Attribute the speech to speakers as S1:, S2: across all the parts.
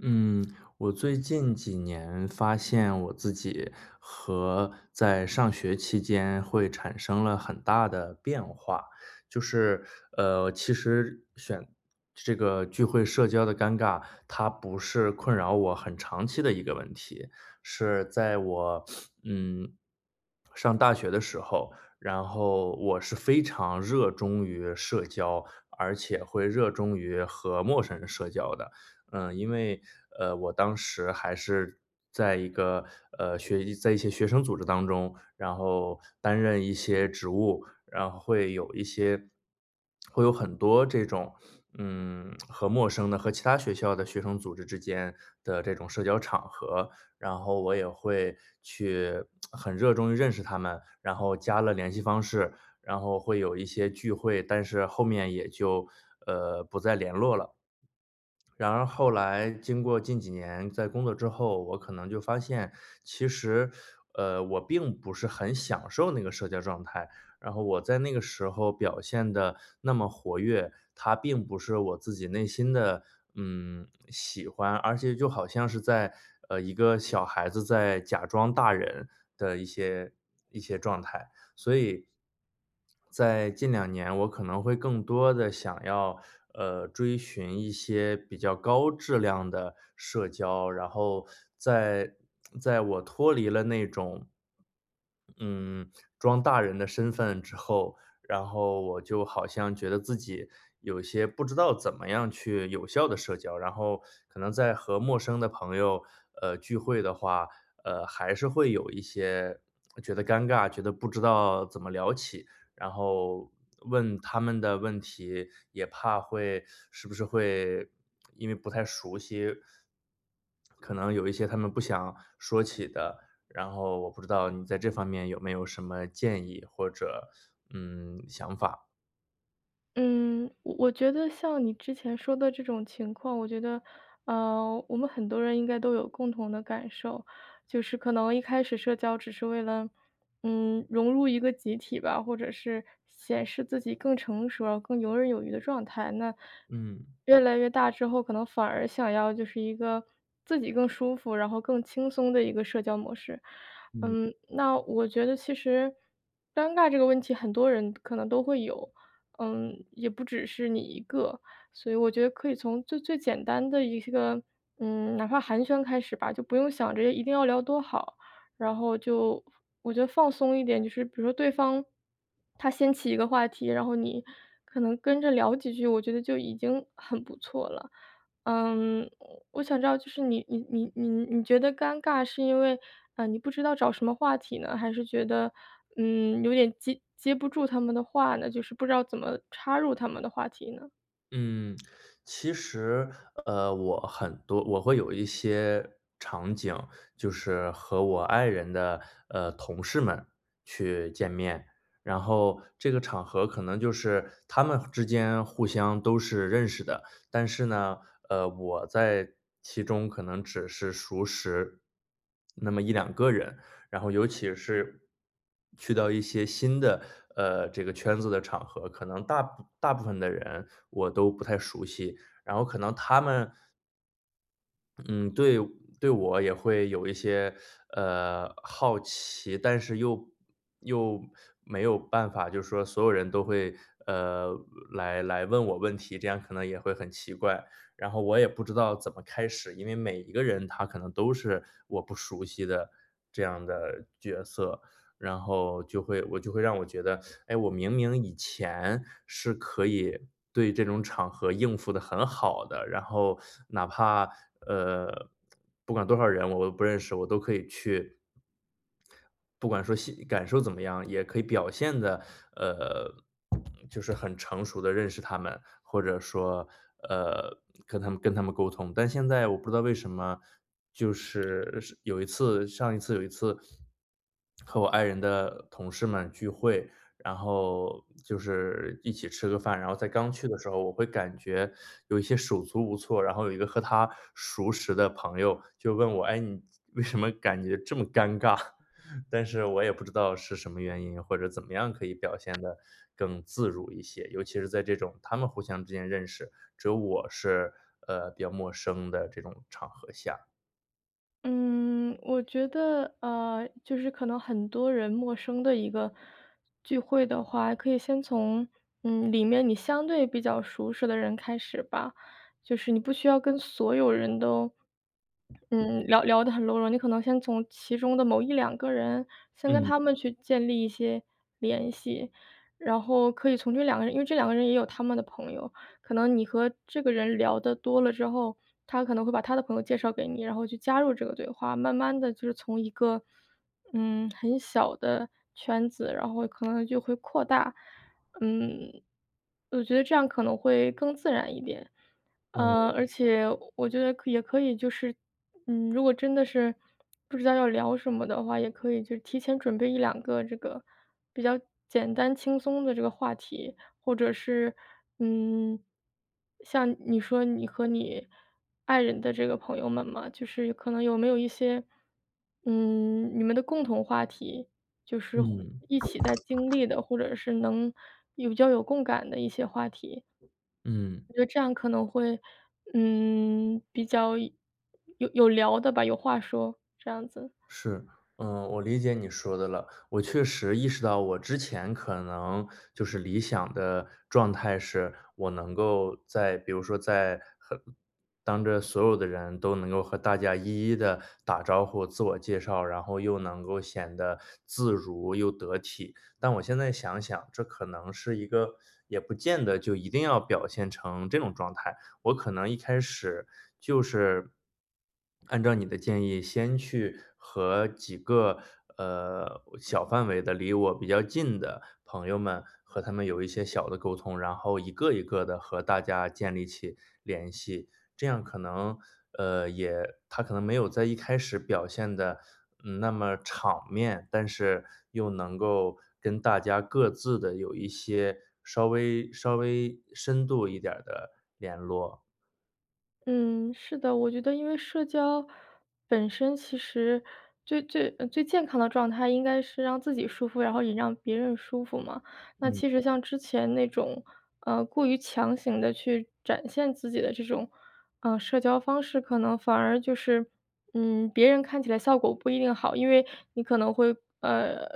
S1: 嗯，我最近几年发现我自己和在上学期间，会产生了很大的变化，就是，呃，其实选这个聚会社交的尴尬，它不是困扰我很长期的一个问题，是在我 嗯，上大学的时候，然后我是非常热衷于社交，而且会热衷于和陌生人社交的。嗯，因为，呃，我当时还是在一个，呃，学习在一些学生组织当中，然后担任一些职务，然后会有一些会有很多这种，嗯，和陌生的、和其他学校的学生组织之间的这种社交场合，然后我也会去 很热衷于认识他们，然后加了联系方式，然后会有一些聚会，但是后面也就，呃，不再联络了。然而后来经过近几年，在工作之后，我可能就发现，其实，呃，我并不是很享受那个社交状态，然后我在那个时候表现得那么活跃，它并不是我自己内心的，嗯，喜欢，而且就好像是在，呃，一个小孩子在假装大人的一些一些状态，所以在近两年我可能会更多地想要，呃，追寻一些比较高质量的社交，然后在在我脱离了那种嗯，装大人的身份之后，然后我就好像觉得自己，有些不知道怎么样去有效地社交，然后可能在和陌生的朋友，呃，聚会的话，呃，还是会有一些，觉得尴尬，觉得不知道怎么聊起，然后问他们的问题，也怕会是不是会因为不太熟悉，可能有一些他们不想说起的，然后我不知道你在这方面有没有什么建议，或者，嗯，想法。
S2: 嗯，我我觉得像你之前说的这种情况，我觉得，呃，我们很多人应该都有共同的感受，就是可能一开始社交只是为了，嗯，融入一个集体吧，或者是显示自己更成熟，更游刃有余的状态，那，
S1: 嗯。
S2: 越来越大之后，可能反而想要就是一个自己更舒服，然后更轻松的一个社交模式。
S1: 嗯。
S2: 嗯，那我觉得其实尴尬这个问题，很多人可能都会有，嗯，也不只是你一个，所以我觉得可以从最最简单的一个，嗯，哪怕寒暄开始吧，就不用想着一定要聊多好，然后就我觉得放松一点。就是比如说对方，他掀起一个话题，然后你可能跟着聊几句，我觉得就已经很不错了。嗯，我想知道就是你你你你你觉得尴尬是因为，呃，你不知道找什么话题呢？还是觉得，嗯，有点接接不住他们的话呢，就是不知道怎么插入他们的话题呢？
S1: 嗯，其实，呃，我很多我会有一些场景，就是和我爱人的呃，同事们去见面。然后这个场合可能就是，他们之间互相都是认识的，但是呢，呃，我在其中可能只是熟识那么1-2个人，然后尤其是去到一些新的呃，这个圈子的场合，可能大部大部分的人，我都不太熟悉，然后可能他们嗯，对对我也会有一些呃，好奇，但是又又没有办法就说，所有人都会，呃，来来问我问题，这样可能也会很奇怪。然后我也不知道怎么开始，因为每一个人，他可能都是我不熟悉的这样的角色。然后就会我就会让我觉得，哎，我明明以前是可以对这种场合应付得很好的，然后，哪怕呃，不管多少人我都不认识，我都可以去不管说心感受怎么样，也可以表现得呃，就是很成熟地认识他们，或者说呃，跟他们跟他们沟通。但现在我不知道为什么，就是是有一次上一次有一次，和我爱人的同事们聚会，然后就是一起吃个饭。然后在刚去的时候我会感觉，有一些手足无措，然后有一个和她熟识的朋友就问我：“哎，你为什么感觉这么尴尬？” 但是我也不知道是什么原因，或者怎么样可以表现得更自如一些，尤其是在这种他们互相之间认识，只有我是，呃，比较陌生的这种场合下。
S2: 嗯，我觉得，呃，就是可能很多人陌生的一个聚会的话，可以先从，嗯，里面你相对比较熟识的人开始吧，就是你不需要跟所有人都，嗯，聊聊得很多了，你可能先从其中的某1-2个人，先跟
S1: 嗯。
S2: 他们去建立一些联系。然后可以从这两个人因为这两个人也有他们的朋友，可能你和这个人聊得多了之后，他可能会把他的朋友介绍给你，然后你去加入这个对话，慢慢地就是从一个，嗯，很小的圈子，然后可能就会扩大，嗯，我觉得这样可能会更自然一点。
S1: 哦。
S2: 呃，而且我觉得也可以就是，嗯，如果真的是不知道要聊什么的话，也可以就提前准备1-2个这个比较简单轻松的这个话题。或者是，嗯，像你说你和你爱人的这个朋友们嘛，就是可能有没有一些，嗯，你们的共同话题，就是或
S1: 嗯。
S2: 一起在经历的，或者是能有较有共感的一些话题。
S1: 嗯。
S2: 我觉得这样可能会，嗯，比较有有聊的吧，有话说，这样子。
S1: 是，嗯，我理解你说的了，我确实意识到我之前可能，就是理想的状态是，我能够在比如说在很当着所有的人都能够和大家一一地打招呼，自我介绍，然后又能够显得自如又得体。但我现在想想，这可能是一个也不见得就一定要表现成这种状态，我可能一开始就是，按照你的建议先去和几个，呃，小范围的、离我比较近的朋友们和他们有一些小的沟通，然后一个一个地和大家建立起联系，这样可能，呃，也它可能没有在一开始表现得，嗯，那么场面，但是又能够跟大家各自地有一些稍微稍微深度一点儿的联络。
S2: 嗯，是的。我觉得因为社交本身其实最最呃，最健康的状态应该是让自己舒服，然后也让别人舒服嘛。那
S1: 嗯。
S2: 其实像之前那种，呃，过于强行地去展现自己的这种，呃，社交方式，可能反而就是，嗯，别人看起来效果不一定好。因为你可能会，呃，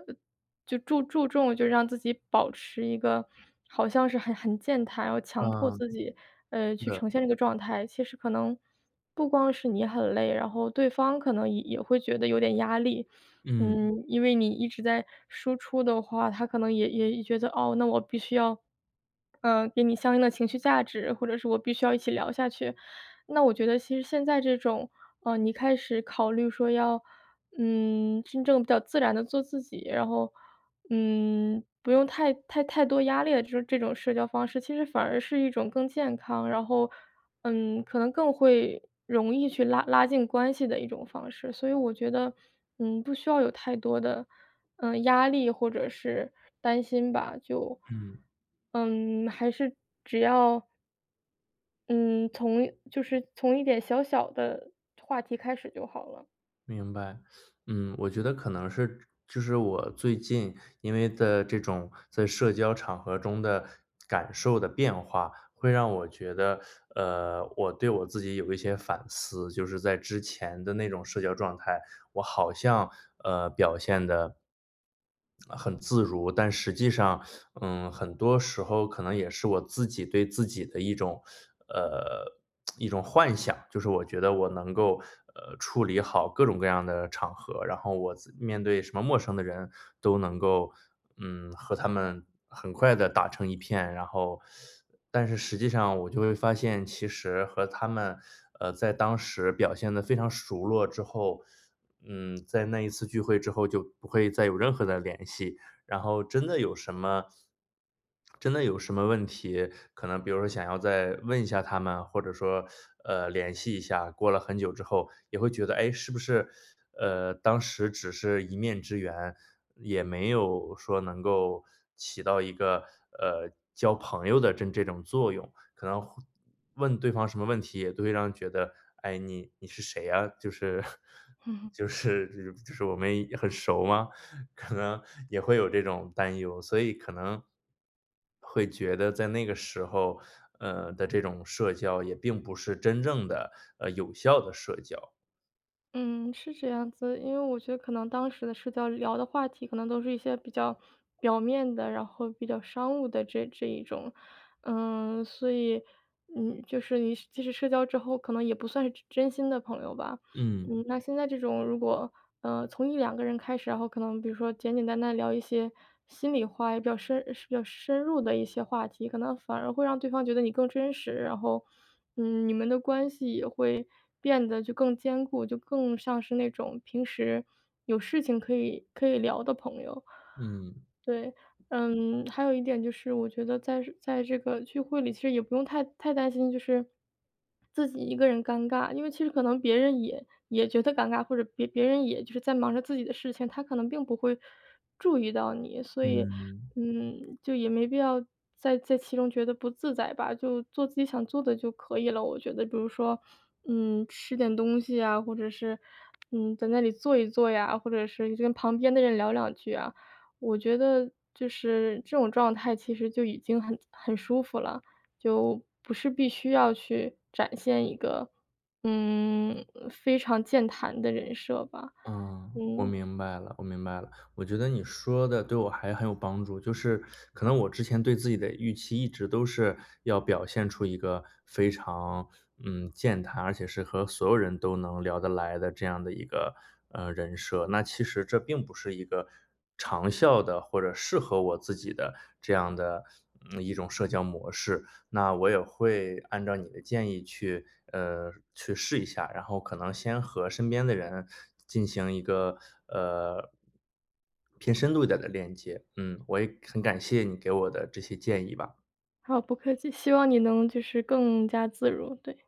S2: 就注注重就让自己保持一个好像是很很健谈，要强迫
S1: 嗯，
S2: 自己，呃，
S1: 是
S2: 去
S1: 的。
S2: 呈现这个状态，其实可能不光是你很累，然后对方可能也也会觉得有点压力。
S1: 嗯。
S2: 嗯，因为你一直在输出的话，他可能也也觉得，哦，那我必须要，呃，给你相应的情绪价值，或者是我必须要一起聊下去。那我觉得其实现在这种，呃，你开始考虑说要，嗯，真正地自然地做自己，然后，嗯，不用太太太多压力的这种这种社交方式，其实反而是一种更健康，然后，嗯，可能更会容易去拉拉近关系的一种方式。所以我觉得，嗯，不需要有太多的，呃，压力或者是担心吧，就，
S1: 嗯。
S2: 嗯，还是只要嗯，从就是从一点小小的话题开始就好了。
S1: 明白，嗯，我觉得可能是就是我最近，因为在这种在社交场合中的感受的变化，会让我觉得，呃，我对我自己有一些反思，就是在之前的那种社交状态。我好像，呃，表现得呃，很自如，但实际上，呃，很多时候可能也是我自己对自己的一种，呃，一种幻想，就是我觉得我能够，呃，处理好各种各样的场合，然后我自面对什么陌生的人都能够，嗯，和他们很快地打成一片，然后，但是实际上我就会发现其实和他们，呃，在当时表现得非常熟络之后，嗯，在那一次聚会之后，就不会再有任何的联系，然后真的有什么真的有什么问题，可能比如说想要再问一下他们啊，或者说，呃，联系一下，过了很久之后也会觉得，哎，是不是，呃，当时只是一面之缘，也没有说能够起到一个，呃，交朋友的真这种作用，可能会问对方什么问题也都会让人觉得：“哎，你你是谁呀？”就是 就是就是我们很熟吗？可能也会有这种担忧，所以可能会觉得在那个时候，呃，的这种社交也并不是真正地，呃，有效的社交。
S2: 嗯，是这样子，因为我觉得可能当时的社交聊的话题，可能都是一些比较表面的，然后比较商务的这这一种。嗯，所以，嗯，就是你是即使社交之后，可能也不算是真真心的朋友吧。
S1: 嗯。
S2: 嗯，那现在这种如果，呃，从1-2个人开始，然后可能比如说简简单单聊一些心里话也比较深呃，比较深入的一些话题，可能反而会让对方觉得你更真实，然后，嗯，你们的关系也会变得就更坚固，就更像是那种平时有事情可以可以聊的朋友。
S1: 嗯。
S2: 对，嗯，还有一点就是我觉得在这在这个聚会里，其实也不用太太担心，就是自己一个人尴尬，因为其实可能别人也也觉得尴尬，或者别别人也就是在忙着自己的事情，他可能并不会注意到你，所以，
S1: 嗯。
S2: 嗯，就也没必要在在其中觉得不自在吧，就做自己想做的就可以了。我觉得比如说，嗯，吃点东西啊，或者是，嗯，在那里坐一坐呀，或者是你跟旁边的人聊两句啊，我觉得就是这种状态其实就已经很很舒服了，就不是必须要去展现一个，嗯，非常健谈的人设吧。
S1: 嗯，我
S2: 嗯。
S1: 明白了，我明白了。我觉得你说得对我还很有帮助，就是，可能我之前对自己的预期，一直都是要表现出一个非常，嗯，健谈，而且是和所有人都能聊得来的这样的一个，呃，人设，那其实这并不是一个长效的或者适合我自己的这样的，嗯，一种社交模式。那我也会按照你的建议去呃，去试一下，然后可能先和身边的人进行一个，呃，偏深度一点儿的链接，嗯，我也很感谢你给我的这些建议吧。
S2: 好，不客气，希望你能就是更加自如，对。